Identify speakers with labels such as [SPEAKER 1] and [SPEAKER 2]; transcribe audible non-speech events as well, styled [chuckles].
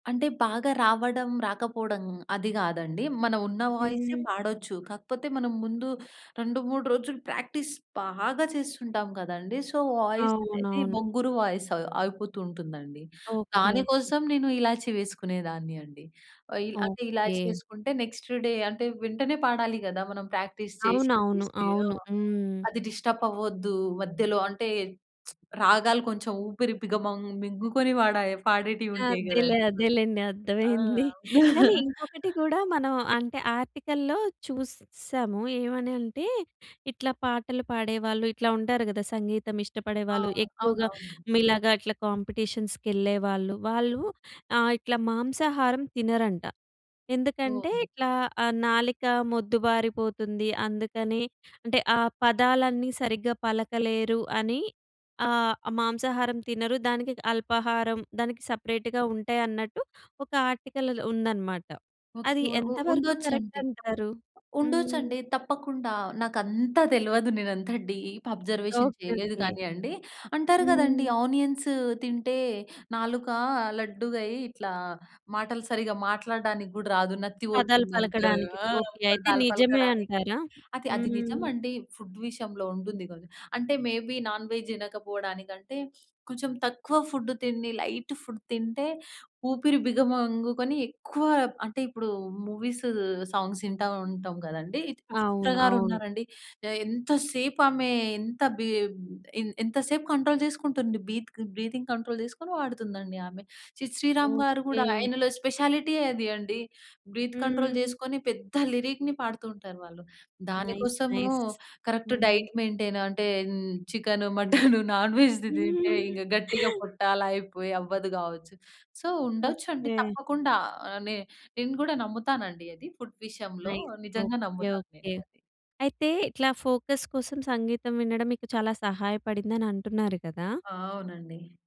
[SPEAKER 1] అంటే బాగా రావడం, రాకపోవడం అది కాదండీ. మనం ఉన్న వాయిసే
[SPEAKER 2] హుహు.
[SPEAKER 1] పాడొచ్చు. కాకపోతే మనం ముందు 2, 3 రోజులు ప్రాక్టీస్ బాగా చేస్తుంటాం కదండీ. సో, వాయిస్ అనేది
[SPEAKER 2] అవునవును.
[SPEAKER 1] బొంగురు వాయిస్ అవ్ అవిపోతూ ఉంటుందండి.
[SPEAKER 2] ఓకే
[SPEAKER 1] దాని
[SPEAKER 2] ఓకే.
[SPEAKER 1] కోసం నేను ఇలాచి వేసుకునేదాన్ని అండి. అంటే ఇలాచి
[SPEAKER 2] ఓకే.
[SPEAKER 1] వేసుకుంటే నెక్స్ట్ డే అంటే వెంటనే పాడాలి కదా! మనం ప్రాక్టీస్ చేసి,
[SPEAKER 2] అవునవును.
[SPEAKER 1] చేసి ఆ!
[SPEAKER 2] అవును. హ్మ్.
[SPEAKER 1] అది డిస్టర్బ్ అవ్వద్దు మధ్యలో అంటే, [smacks lips] రాగాలు కొంచెం ఊపిరి బిగమం మింగుకొని వాడే పాడేటివి ఉంటాయి
[SPEAKER 2] అదేలే
[SPEAKER 1] కదండీ అసలు.
[SPEAKER 2] అదేలెండి.
[SPEAKER 1] ఆ!
[SPEAKER 2] అర్థమైంది. [chuckles] కానీ
[SPEAKER 1] [chuckles]
[SPEAKER 2] ఇంకొకటి కూడా మనం అంటే ఆర్టికల్‌లో చూసాము. ఏమని అంటే ఇట్లా పాటలు పాడేవాళ్ళు, ఇట్లా ఉంటారు కదా!
[SPEAKER 1] ఆ!
[SPEAKER 2] సంగీతమిష్టపడేవాళ్ళు. ఎక్కువగా
[SPEAKER 1] అవునవునండి.
[SPEAKER 2] మీలాగా ఇట్లా కాంపిటీషన్స్‌కెళ్ళేవాళ్ళు. వాళ్ళు ఆహ్, ఇట్లా మాంసాహారం తినరంట. ఎందుకంటే
[SPEAKER 1] ఓహ్!
[SPEAKER 2] ఇట్లా ఆహ్, నాలిక మొద్దుబారిపోతుంది. అందుకని అంటే ఆ పదాలన్నీ సరిగ్గా పలకలేరు అని. ఆహ్, మాంసాహారం తినరు. దానికి అల్పాహారం, దానికి సపరేట్‌గా ఉంటాయన్నట్టు ఒక ఆర్టికల్‌లో ఉందనమాట.
[SPEAKER 1] ఓకె.
[SPEAKER 2] అది
[SPEAKER 1] ఉ
[SPEAKER 2] ఎంతవరకు కరెక్ట్
[SPEAKER 1] ఉండొచ్చండి.
[SPEAKER 2] అంటారు? హ్మ్.
[SPEAKER 1] ఉండొచ్చండి తప్పకుండా. నాకు అంత తెలవదు. నేను అంత డీప్ అబ్‌జర్వేషన్
[SPEAKER 2] ఓకే
[SPEAKER 1] చేయలేదు
[SPEAKER 2] ఓకే.
[SPEAKER 1] కానీ అండి. అంటారు కదండీ.
[SPEAKER 2] హ్మ్.
[SPEAKER 1] ఆనియన్స్ తింటే నాలుక లడ్డుగయ్యి ఇట్లా మాటలు సరిగ్గా మాట్లాడడానికి కూడా రాదు. నత్తి
[SPEAKER 2] పదాలు
[SPEAKER 1] పోతుంది అంటారు.
[SPEAKER 2] పలకడానికి
[SPEAKER 1] ఆ!
[SPEAKER 2] ఓకే. అయితే
[SPEAKER 1] పదాలు
[SPEAKER 2] నిజమే
[SPEAKER 1] పలకడానికి.
[SPEAKER 2] అంటారా?
[SPEAKER 1] అది అది నిజం
[SPEAKER 2] హ్మ్.
[SPEAKER 1] అండి. ఫుడ్ విషయంలో ఉంటుంది. [unintelligible] అంటే మే బీ నాన్‌‌వెజ్ తినకపోవడానికి అంటే, కొంచెం తక్కువ ఫుడ్ తిండి, లైట్ ఫుడ్ తింటే, ఊపిరి బిగమంగుకొని ఎక్కువ అంటే ఇప్పుడు మూవీస్, సాంగ్స్ ఇంటా ఉంటాం కదండీ. 'చిత్ర'
[SPEAKER 2] అవును
[SPEAKER 1] గారు
[SPEAKER 2] అవును.
[SPEAKER 1] ఉన్నారండి. ఎ ఎంత సేపు ఆమె ఎంత బి ఎం ఎంత సేపు కంట్రోల్ చేసుకుంటుంది బీత్‌గ్ బ్రీతింగ్ కంట్రోల్ చేసుకొని వాడుతుందండి ఆమె. 'సిద్ శ్రీరామ్' గారు కూడా
[SPEAKER 2] ఓకే.
[SPEAKER 1] అయన‌లో స్పెషాలిటీ అది అండి. బ్రీత్ కంట్రోల్
[SPEAKER 2] హ్మ్.
[SPEAKER 1] చేసుకొని పెద్ద లిరిక్‌ని పాడుతూ ఉంటారు వాళ్ళు. దాని
[SPEAKER 2] నైస్
[SPEAKER 1] కోసము
[SPEAKER 2] నైస్!
[SPEAKER 1] కరెక్ట్
[SPEAKER 2] హుహు.
[SPEAKER 1] డైట్ మెయింటైన్ అంటే హ్మ్, చికెన్, మటన్ [chuckles] నాన్‌వెజ్‌ది తింటే ఇక
[SPEAKER 2] [giggles]
[SPEAKER 1] గట్టిగా పొట్ట అలా అయిపోయి అవ్వదు కావచ్చు. సో, ఉండొచ్చు అండి.
[SPEAKER 2] ఓకే.
[SPEAKER 1] తప్పకుండా నె నేను కూడా నమ్ముతానండి అది ఫుడ్ విషయంలో.
[SPEAKER 2] నైస్!
[SPEAKER 1] నిజంగా
[SPEAKER 2] ఓకే
[SPEAKER 1] నమ్ముతాను
[SPEAKER 2] ఓకే.
[SPEAKER 1] నేను అది.
[SPEAKER 2] అయితే ఇట్లా ఫోకస్ కోసం సంగీతం వినడం మీకు చాలా సహాయపడిందని అంటున్నారు కదా!
[SPEAKER 1] ఆ! అవునండి.